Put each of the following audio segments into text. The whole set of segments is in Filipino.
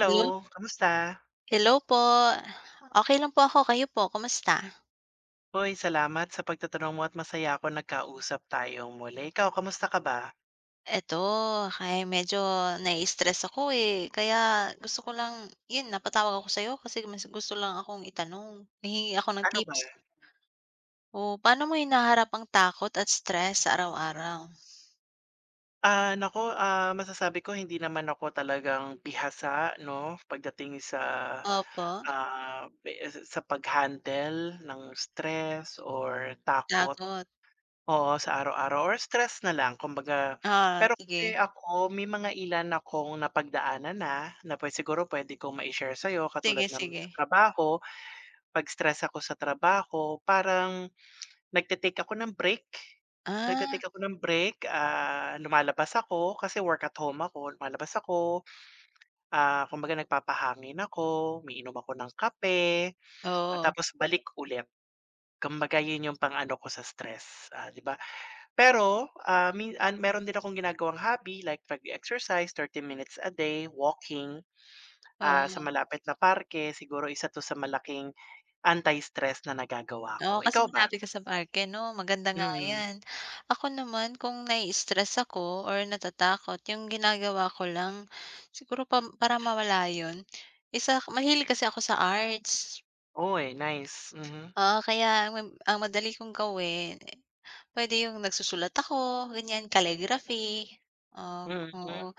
Hello. kamusta? Hello po, okey lang po ako, kayo po kumusta? Hoy, salamat sa pagtatanong mo at masaya ako nagkausap tayong muli, ikaw kamusta ka ba? Eto, ay medyo naistress ako, eh, kaya gusto ko lang yun napatawag ako sayo kasi mas gusto lang akong itanong. Hihingi ako ng Ano ba? tips. Oo, paano mo hinaharap ang takot at stress sa araw-araw? Ah, naku, ah, masasabi ko hindi naman ako talagang bihasa, no, pagdating sa, Opo? ah, sa sa pag handle ng stress or takot. Takot. Oo, sa araw-araw or stress na lang kumbaga Ah, pero sige. kasi ako may mga ilan akong napagdaanan na na siguro pwede kong ma-share sayo katulad Sige, ng sige. trabaho 'pag stress ako sa trabaho parang nagte-take ako ng break, Ah. nagte-take ako ng break, ah, lumalabas ako kasi work at home ako, lumalabas ako. Ah, kumbaga nagpapahangin ako, umiinom ako ng kape at Oo. tapos balik ulit. Kumbaga yun yung pang-ano, ko sa stress, ah, diba? pero, ah, min ah, meron din akong ginagawang hobby like pag exercise 30 minutes a day, walking, ah, sa Oo. malapit na parke siguro isa to sa malaking anti-stress na nagagawa ko, Oo, kasi ikaw ba? malapit ka sa park eh, 'no, maganda nga Mhm. yan, ako naman kung na-i-stress ako or natatakot yung ginagawa ko lang siguro pam para mawala yun is, ah, mahilig kasi ako sa arts. Oy, nice, mhm. Ah, kaya mam ang madali kong gawin, pwede yung nagsusulat ako ganyan, calligraphy. Ah, Mhm. oo,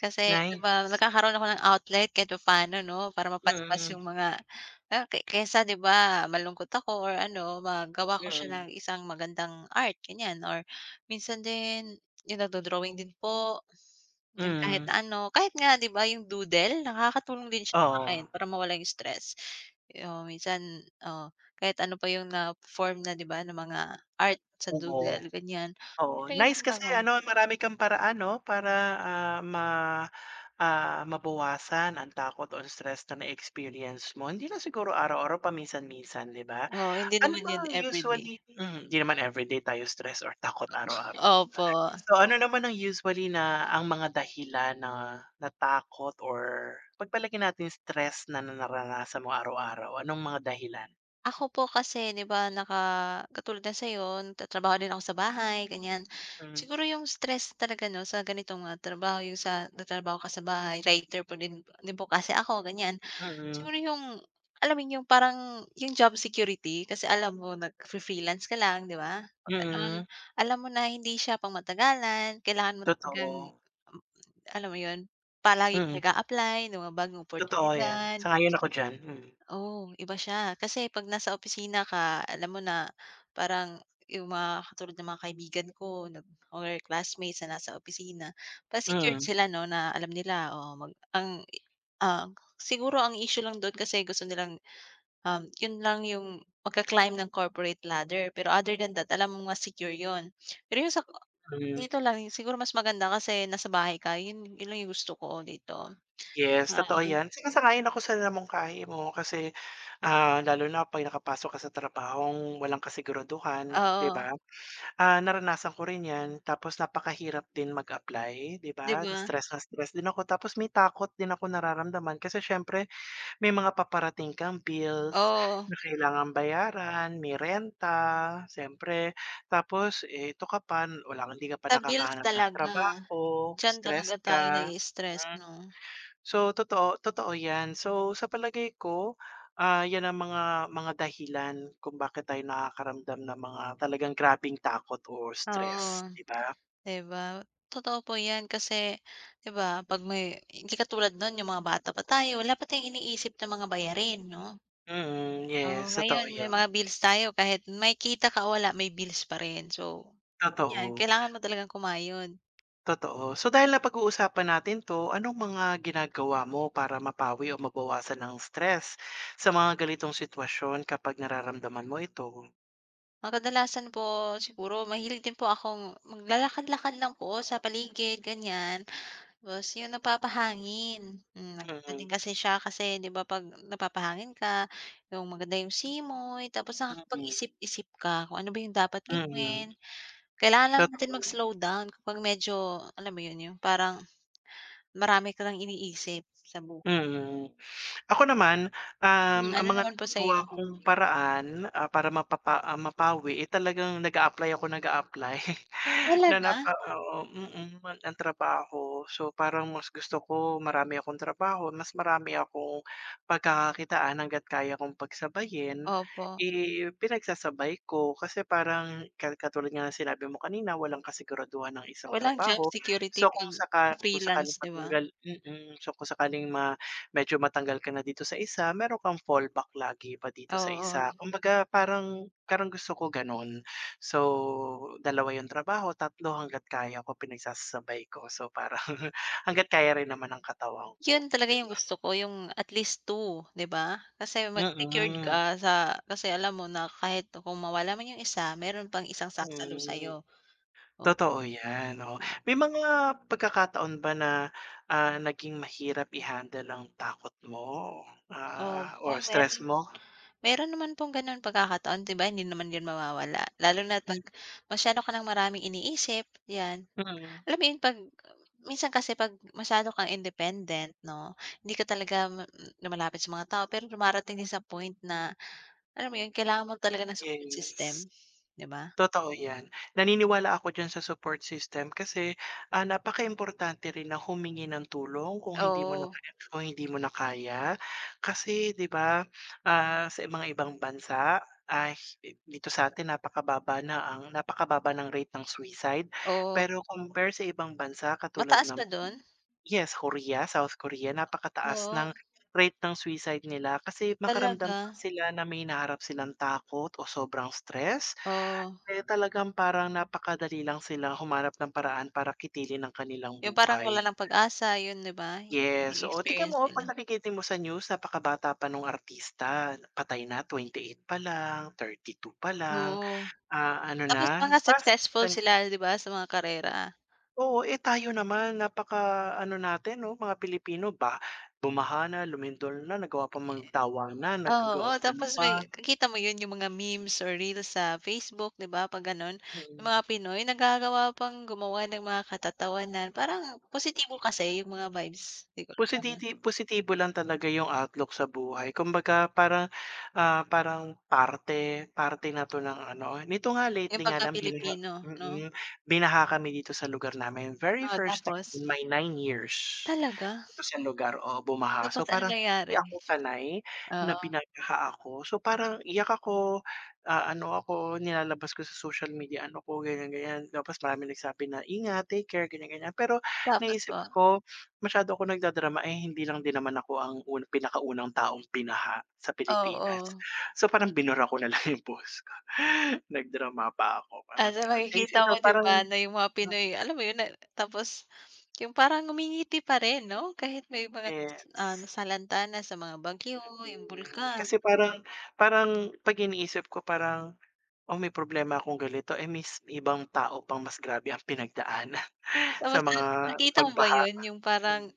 kasi 'di ba Nice. nagkakaroon ako ng outlet kahit paano 'no, para mapaspas Mhm. yung mga kay kaysa 'di ba malungkot ako or ano magawa ko siya Mm. ng isang magandang art, ganyan or minsan din yung nagdo-drawing din po. Yung kahit Mm. ano, kahit nga diba, yung doodle. Nakakatulong din siya sa akin Oo. para mawala yung stress o minsan ah, kahit ano pa yung na-form na diba, ng mga art sa Oo. doodle ganyan. Oo, nice kasi [unintelligible] ano marami kang paraan 'no? Para ah, ma ah, mabawasan ang takot o stress na na-experience mo, hindi na siguro araw-araw, paminsan-minsan 'di ba? Oo, hindi Ano naman yun bang everyday. usually, hmm, hindi naman everyday tayo stress or takot araw-araw 'diba? Opo. So, ano naman ang usually na ang mga dahilan na natakot or pagpalagay natin stress na naranasan mo araw-araw, anong mga dahilan? Ako po kasi 'di ba? Naka katulad ng sayo nagtatrabaho din ako sa bahay, ganyan. Mm. Siguro yung stress talaga 'no? Sa ganitong nga trabaho yung sa natrabaho ka sa bahay, writer po din din po kasi ako ganyan. Mm. Siguro yung alam mo yun yung parang yung job security? Kasi alam mo nag-free freelance ka lang, 'di ba? 'Pag ganon Mm. alam mo na hindi siya pang matagalan, kailangan mo talagang Totoo. hmm, alam mo yun? Palaging Mm. nag-apply na mga bagong Totoo yan, oportunidad. sang-ayon ako diyan. Oo iba siya, kasi 'pag nasa opisina ka alam mo na parang yung mga katulad ng mga kaibigan ko nag or classmates sa nasa opisina pa secured Mm. sila 'no? Na alam nila oo mag ang ah siguro ang issue lang do'n kasi gusto nilang yun lang yung magka-climb ng corporate ladder pero other than that alam mo mas secure yun. Pero yung sa Mm. dito lang siguro mas maganda kasi nasa bahay ka yun yun lang yung gusto ko dito. Yes, Ah totoo yan. Sang-ayon ako sa na mungkahi mo. Kasi ah lalo na 'pag nakapasok ka sa trabahong walang kasiguraduhan, 'di Oo. ba? Ah naranasan ko rin yan tapos napakahirap din mag-apply 'di 'Di ba? Na ba? stress na stress din ako tapos may takot din akong nararamdaman. Kasi siyempre may mga paparating kang bills Oo. na kailangang bayaran, may renta, siyempre tapos ito ka pa hindi ka pa Sa bills nakakahanap ng talaga, trabaho, dyan stress talaga tayo ka. na-i-stress Hmm. 'no? So totoo totoo yan, so sa palagay ko ah yan ang mga mga dahilan kung bakit tayo nakakaramdam ng mga talagang grabeng takot or Oo, stress, 'di ba? 'di ba? Totoo po yan kasi 'di ba? 'Pag may hindi katulad noon yung mga bata pa tayo wala pa tayong iniisip na mga bayarin 'no? Mm, Oo yes sa totoo ngayon may mga yun. bills tayo, kahit may kita ka o wala may bills pa rin. So yan, Totoo. kailangan mo talagang kumayod. Totoo. So dahil napag-uusapan natin 'to, anong mga ginagawa mo para mapawi o mabawasan ang stress sa mga ganitong sitwasyon kapag nararamdaman mo ito? Ang kadalasan po siguro mahilig din po akong maglalakad-lakad lang po sa paligid, ganiyan. Tapos 'yon, napapahangin. Hmm, nag pwede Mm. kasi siya kasi 'di ba 'pag napapahangin ka, 'yong maganda 'yong simoy tapos Mm. nakapag-isip-isip ka kung ano ba 'yong dapat Mm. gawin. Kailangan lang natin Totoo. mag-slow down kapag medyo, alam mo 'yon, 'yong parang marami ka nang iniisip sa bu Mm. Ako naman, um, Hmm, ang ano mga naman po nagagawa sa'yo? kong paraan, ah, para mapapa ah, mapawi, eh, talagang nag-a-apply ako nag-a-apply. Na Talaga? napa oo, mm, an ng trabaho. So parang mas gusto ko marami akong trabaho, mas marami akong pagkakakitaan hangga't kaya kong pagsabayin, Opo. eh, pinagsasabay ko. Kasi parang ka katulad nga ng sinabi mo kanina, walang kasiguraduhan ang isang Walang job trabaho. security So kung 'pag saka kung sakaling freelance, 'di ba? matanggal mm, so kung sakaling ma medyo matanggal ka na dito sa isa, mayro'n kang fallback lagi pa dito sa Oo. isa. Kumbaga parang parang gusto ko gano'n. So 2 'yong trabaho, 3 hangga't kaya ko pinagsasasabay ko. So para hangga't kaya rin naman ng katawan ko, 'Yon talaga 'di 'yong ba? gusto ko 'yong at least 2, 'di ba? Kasi mas secured Mm. ka sa kasi alam mo na kahit kung mawala man 'yong isa, mayro'n pang isang sasalo Hmm. sa'yo. Oh Totoo 'yan, 'no. May mga pagkakataon ba na, ah, naging mahirap i-handle ang takot mo, ah, Opo, or stress mayro'n mo? mayro'n naman pong gano'ng pagkakataon. 'Di ba hindi naman 'yon mawawala, lalo na Hmm 'pag masyado ka ng maraming iniisip, 'yan. Mm. Alam mo 'yon, 'pag minsan kasi 'pag masyado kang independent, 'no, hindi ka talaga mam m lumalapit sa mga tao. Pero dumarating din sa point na, alam mo 'yon, kailangan mo talaga ng support Yes. system, 'di ba? Totoo 'yan. Naniniwala ako diyan sa support system kasi, ah, napaka importante rin na humingi ng tulong kung hindi mo na Oo. kaya, kung hindi mo na kaya. Kasi, 'di ba, ah, sa mga ibang bansa, ah, hi dito sa atin napakababa na ang napakababa ng rate ng suicide. Oo. Pero compare sa ibang bansa, katulad Mataas ng ba do'n? yes, Korea, South Korea. Napakataas Oo. ng rate ng suicide nila kasi makaramdam Talaga? lang sila na may hinaharap silang takot o sobrang stress, Oo. eh, talagang parang napakadali lang silang humanap ng paraan para kitilin ang kanilang 'Yong parang wala buhay. ng pag-asa. 'Yon, 'di ba? 'Yon Yes, oo. Tigan na-e-experience mo, oh. 'Pag nila. nakikita mo sa news, napakabata pa no'ng artista. Patay na 28 pa lang, 32 pa lang, Oo. ah, ano Tapos na. mga Pas successful twenty sila, 'di ba, sa mga karera. Oo. Eh, tayo naman napaka ano natin, 'no, mga Pilipino, ba. Bumaha na, lumindol na nagawa pang magtawanan. Ye oo, Naggagawa ano tapos may pa ki kita mo 'yon 'yong mga memes or reels sa Facebook, 'di ba, 'pag gano'n. 'Yong Mm. mga Pinoy nagagawa pang gumawa ng mga katatawanan, parang positibo kasi 'yong mga vibes. [unintelligible] Posititi positibo lang talaga 'yong outlook sa buhay. Kumbaga parang, ah, parang parte parte na 'to ng ano. Nito nga 'Yong lately nga lang binaha 'pagka-Pilipino, 'no? mm, binaha kami dito sa lugar namin. Very Oo, first time tapos? in my 9 years Talaga? dito sa lugar, oo, bumaha. Tapos So anong parang nangyari? hindi ako sanay na Oo. binaha ako. So parang iyak ako, ah, ano ako, nilalabas ko sa social media ano ko, ganiyan, ganiyan. Tapos maraming nagsabi na ingat, take care, ganiyan, ganiyan. Pero Tapos naisip po? ko masyado akong nagdadrama, eh, hindi lang din naman ako ang un pinakaunang taong binaha sa Pilipinas. Oo. So parang binura ko na lang 'yong post ko. Nag-drama pa ako, Ah, parang so gano'n. Eh, makikita isipin mo, mo, 'di parang ba na 'yong mga Pinoy, mm. alam mo 'yon, na tapos 'yong parang ngumingiti pa rin, 'no, kahit may mga nasala ah, Yes. nasalanta na sa mga bagyo, 'yong Mm. bulkan. Kasi parang parang 'pag iniisip ko parang, "Oh, may problema akong ganito. Eh, mis may ibang tao pang mas grabe ang pinagdaanan sa Tapos, ah, mga nakita mo ba pagbaha." 'yon? 'Yong Hmm. parang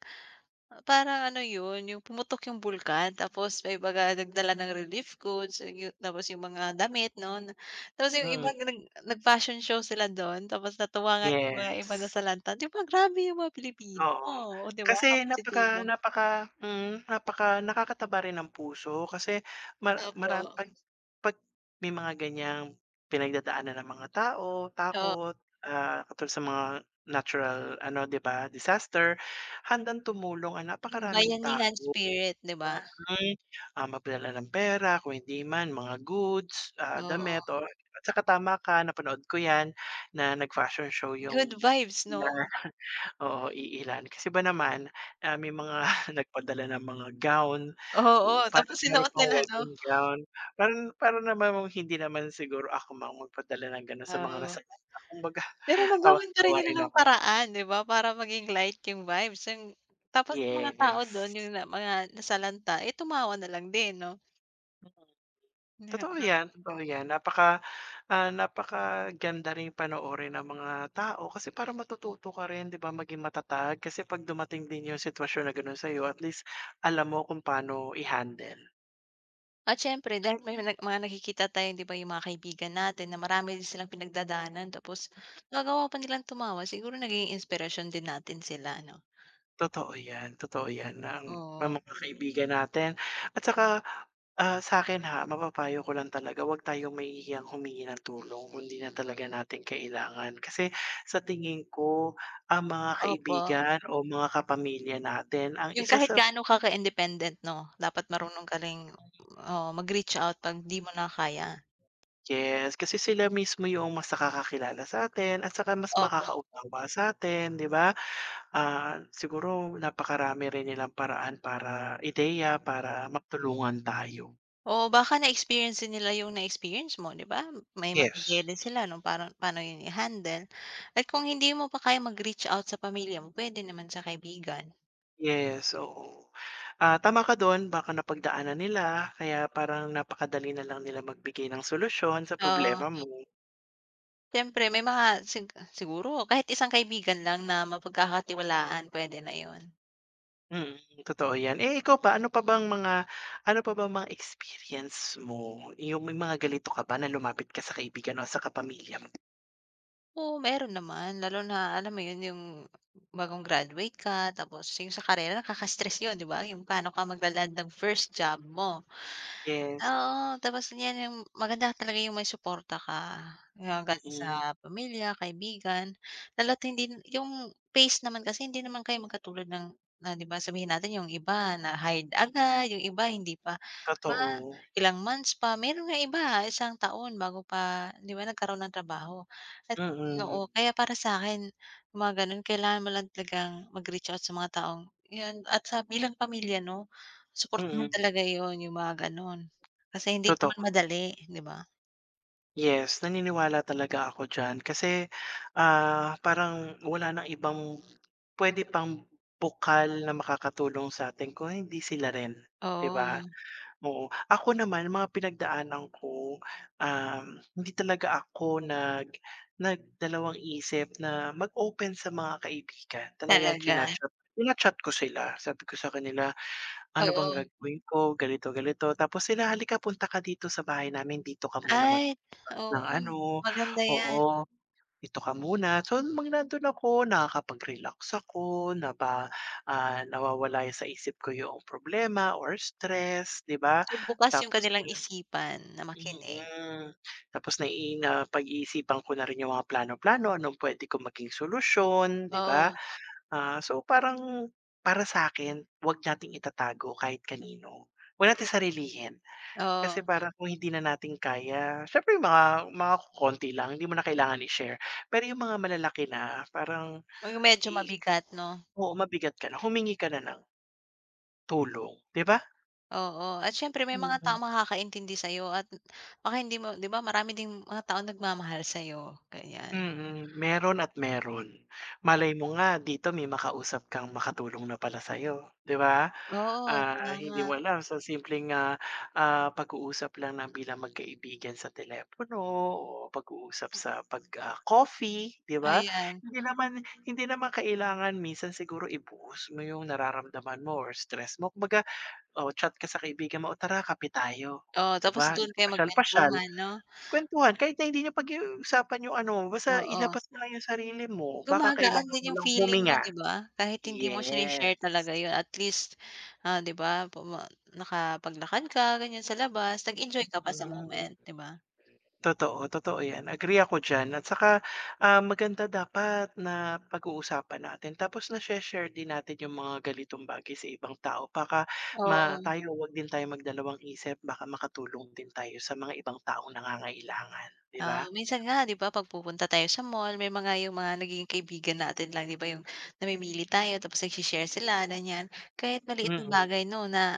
parang ano 'yon, 'yong pumutok 'yong bulkan. Tapos may mga nagdala ng relief goods, and 'yong tapos 'yong mga damit, 'no, na tapos 'yong iba Mm. nag nag-fashion show sila do'n. Tapos natuwa nga 'yong mga ibang Yes. nasalanta. 'Di ba grabe 'yong mga Pilipino, Oo. oh, 'di ba, Kasi napaka positibo. napaka mm, napaka nakakataba rin ng puso kasi mar maram Opo. 'pag 'pag may mga ganiyang pinagdadaanan ang mga tao, Oh takot, ah, katulad sa mga natural, ano, 'di ba, disaster, handang tumulong ang 'Yong napakaraming tao. bayanihan spirit, 'di ba? Mm, ah, maglala ng pera kung hindi man, mga goods, ah, Oo. damit or, ah, 'tsaka tama ka, napanood ko 'yan, na nag fashion show Good 'yong vibes, na 'no? oo, iilan. Kasi ba naman, ah, may mga nagpadala ng mga gown. Oo, U parang tapos mayro'n sinuot pang nila, 'no? wedding gown. Parang parang naman hindi naman siguro ako [unintelligible] magpadala ng gano'n sa mga Oo. nasalanta. Kumbaga Pero tawang nagawan pa rin tawa nila rin ng ako. paraan, 'di ba, para maging light 'yong vibes, 'yong tapos 'yong mga tao do'n Yes. 'yong na mga nasalanta, eh, tumawa nalang din, 'no? Totoo yan, [unintelligible] totoo yan. Napaka ah, napakaganda ring panoorin ng mga tao. Kasi parang matututo ka rin 'di ba? Maging matatag. Kasi 'pag dumating din yung sitwasyon na gano'n sa'yo at least alam mo kung paano i-handle. At siyempre dahil may na mga nakikita tayong 'di ba, yung mga kaibigan natin na marami din silang pinagdadaanan, tapos nagawa pa nilang tumawa, siguro nagiging inspirasyon din natin sila ano? Totoo yan, totoo yan na ang Oo. mga kaibigan natin at tsaka, ah, sa'kin ha mapapayo ko lang talaga 'wag tayong mahihiyang humingi ng tulong, kung di na talaga natin kailangan. Kasi sa tingin ko ang mga Opo. kaibigan o mga kapamilya natin ang Yung isa kahit sa gaano ka independent 'no? Dapat marunong ka ring, oo, mag-reach out 'pag 'di mo na kaya. yes, kasi sila mismo yung mas nakakakilala sa'tin at tsaka mas Opo. makakaunawa sa'tin 'di ba? Ah, siguro napakarami rin nilang paraan para ideya para matulungan tayo. Oo, baka na-experience din nila yung na-experience mo 'di ba? May mga ideya Yes. din sila nung parang pa'no yun i-handle. At kung hindi mo pa kayang mag-reach out sa pamilya mo, pwede naman sa kaibigan. Yes. Oo, ah, tama ka dun. Baka napagdaanan nila kaya parang napakadali nalang nila magbigay ng solusyon sa Oo. problema mo. Siyempre. May mga sig siguro kahit isang kaibigan lang na mapagkakatiwalaan, pwede na yun. Mm, totoo yan, eh, ikaw pa ano pa bang mga ano pa bang mga experience mo, yung may mga ganito ka ba, na lumapit ka sa kaibigan o sa kapamilya mo? Oo, meron naman. Lalo na alam mo yun, yung bagong graduate ka tapos yung sa karera, nakaka-stress yun diba? Yung pano ka magla-land ng first job mo. Yes. Oo, tapos ngayon, yung maganda talaga yung may suporta ka, yung galing Mhm. sa pamilya, kaibigan. Lalo't hindi yung phase naman kasi, hindi naman kayo magkatulad ng na 'di ba sabihin natin yung iba na hired agad. Yung iba, hindi pa ba Totoo. ilang months pa, meron nga iba isang taon bago pa 'di ba, nagkaroon ng trabaho. At Mm. oo, kaya para sa akin yung mga ganun kailangan mo lang talagang mag-reach out sa mga taong yun at sa bilang pamilya 'no suportahan Mm. talaga iyon yung mga gano'n, kasi hindi naman Totoo. madali hindi ba? Yes, naniniwala talaga ako diyan kasi, ah, parang wala ng ibang pwede pang bukal na makakatulong sa atin kung hindi sila rin, 'diba? Oo. Oo ako naman mga pinagdaanan ko, um, hindi talaga ako nag nagdalawang isip na mag-open sa mga kaibigan. Talagang Talaga. china-chat china-chat ko sila. Sabi ko sa kanila, "ano bang Oo. gagawin ko?" Ganito ganito tapos sila, "halika dito, punta ka dito sa bahay namin, dito ka muna Ay, magpalipas ng oo. ano. Maganda yan. Oo, dito ka muna" So, nung mang nandun ako, nakakapag-relax ako napa ah, nawawala sa isip ko yung problema or stress 'di ba? Yung bukas yung Tapos kanilang isipan na makinig. Mhm, tapos nai na pag-iisipan ko na rin yung mga plano plano, anong pwede kong maging solusyon 'di ba? Oo. Ah, so parang para sakin, wag nating itatago kahit kanino. 'Wag natin sarilihin, kasi Oo. parang kung hindi na natin kaya siyempre yung mga mga kokonti lang, hindi mo na kailangan i-share pero yung mga malalaki na parang, Oo, medyo i mabigat 'no? Oo mabigat ka na, humingi ka na ng tulong, di ba? Oo, at syempre may mga Mm. taong makakaintindi sayo at baka hindi mo 'di ba marami ding mga taong nagmamahal sayo, ganyan. Mm, meron at meron. Malay mo nga dito may makausap kang makatulong na pala sayo, 'di ba? Oo, Ah, hindi tama. mo alam sa simpleng, ah, ah, pag-uusap lang na bilang magkaibigan sa telepono o pag-uusap sa 'pag, ah, coffee 'di ba? Ayan. Hindi naman hindi naman kailangan minsan siguro i-post mo yung nararamdaman mo or stress mo, kumbaga o chat ka sa kaibigan mo, "Oh, tara kape tayo." Oo, Oh 'di tapos ba, doon kayo pasyal-pasyal. magkwentuhan 'no? Kwentuhan kahit na hindi niyo pag-usapan yung ano, basta Oo. ilabas na yung sarili mo, baka Gumagaan kailangan mo din yung lang feeling mo huminga. 'di ba? Kahit hindi mo siya Yes. i-share talaga yun, at least, ah, 'di ba puma nakapaglakad ka ganyan sa labas, nag-enjoy ka pa sa Mm. moment, 'di ba? Totoo, totoo 'yan, agree ako d'yan at tsaka, ah, maganda dapat napag-uusapan natin tapos nashe-share din natin yung mga ganitong bagay sa ibang tao. Baka ma Oo. tayo, 'wag din tayong magdalawang-isip baka makatulong din tayo sa mga ibang taong nangangailangan, 'di Oh, ba? minsan nga 'di ba 'pag pupunta tayo sa mall, may mga yung mga nagiging kaibigan natin lang 'di ba yung namimili tayo tapos nagshe-share sila ganyan. Kahit maliit na Mm. bagay 'no na,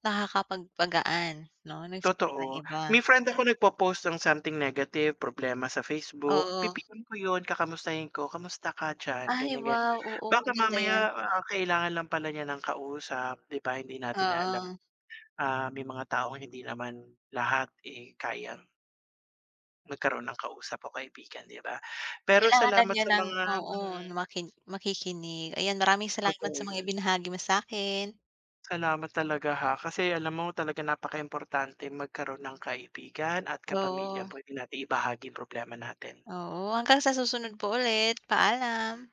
nakakapagpagaan 'no? Ng feeling ng Totoo. iba. May friend ako nagpo-post ng something negative, problema sa Facebook, Oo. pi-pm ko yun, kakamustahin ko, "Kamusta ka dyan?" Ay Ganyan, ganyan, wow, oo, baka maganda 'yan. mamaya, ah, kailangan lang pala niya ng kausap 'di ba hindi natin alam, Oo. ah, may mga taong hindi naman lahat eh kayang magkaroon ng kausap o kaibigan 'di ba? Pero Kailangan lang salamat niya sa ng mga oo, hmm. makin makikinig. Ayan maraming salamat Totoo sa mga 'yan. ibinahagi mo sakin. Salamat talaga, ha, kasi alam mo talagang napakaimportante magkaroon ng kaibigan at kapamilya, Oo. pwede nating ibahagi problema natin. Oo, hanggang sa susunod po ulit, paalam.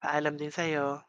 Paalam din sayo.